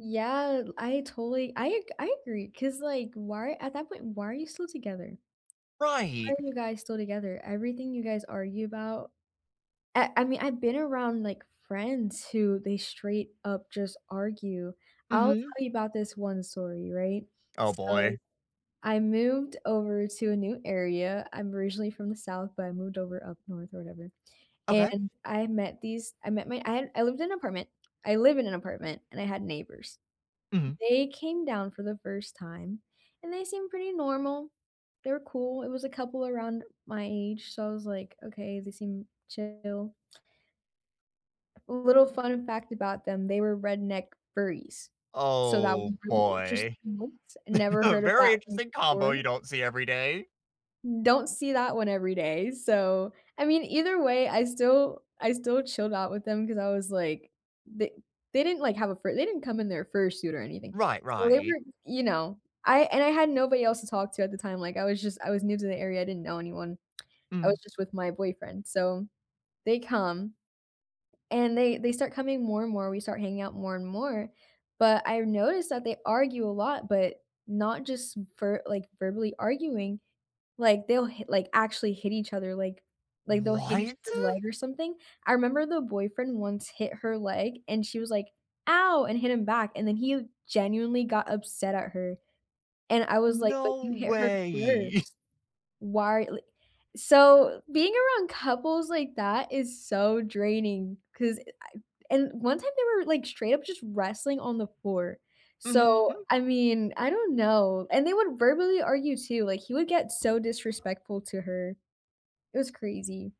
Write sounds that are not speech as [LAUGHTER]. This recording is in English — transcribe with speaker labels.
Speaker 1: Yeah, I totally I I agree, 'cause like, why at that point, why are you still together? Why
Speaker 2: Right.
Speaker 1: are you guys still together? Everything you guys argue about I I mean, I've been around, like, friends who they straight up just argue. I'll
Speaker 2: Mhm.
Speaker 1: tell you about this one story, right?
Speaker 2: Oh,
Speaker 1: So,
Speaker 2: boy.
Speaker 1: I moved over to a new area, I'm originally from the south, but I moved over up north or whatever,
Speaker 2: Okay.
Speaker 1: and I met these I met my I had I lived in an apartment I live in an apartment and I had neighbors,
Speaker 2: Mhm.
Speaker 1: they came down for the first time and they seemed pretty normal, they were cool, it was a couple around my age, so I was like, "Okay, they seem chill." A little fun fact about them, they were redneck furries, so that was
Speaker 2: Oh,
Speaker 1: really
Speaker 2: boy.
Speaker 1: interesting, [UNINTELLIGIBLE] never
Speaker 2: [CHUCKLES] A
Speaker 1: heard of
Speaker 2: very
Speaker 1: that one
Speaker 2: interesting combo
Speaker 1: before.
Speaker 2: you don't see every day.
Speaker 1: Don't see that one every day, so, I mean, either way, I still I still chilled out with them, 'cause I was like the they didn't, like, have a fur they didn't come in their fursuit or anything,
Speaker 2: Right,
Speaker 1: so, they
Speaker 2: right.
Speaker 1: were you know? I and I had nobody else to talk to at the time, like, I was just I was new to the area, I didn't know anyone, I was
Speaker 2: Mm.
Speaker 1: just with my boyfriend, so, they come, and they they start coming more and more, we start hanging out more and more, but I noticed that they argue a lot, but not just ver like, verbally arguing, like, they'll hit like, actually hit each other, like like, they'll hit each
Speaker 2: What?
Speaker 1: other's leg or something. I remember the boyfriend once hit her leg and she was like, "Ow!" and hit him back, and then he genuinely got upset at her, and I was like, "But
Speaker 2: No
Speaker 1: you hit her
Speaker 2: way! [CHUCKLES]
Speaker 1: 1st," why li so, being around couples like that is so draining, 'cause eh, I and one time they were, like, straight up just wrestling on the floor, so,
Speaker 2: Mhm.
Speaker 1: I mean, I don't know, and they would verbally argue too, like, he would get so disrespectful to her, it was crazy.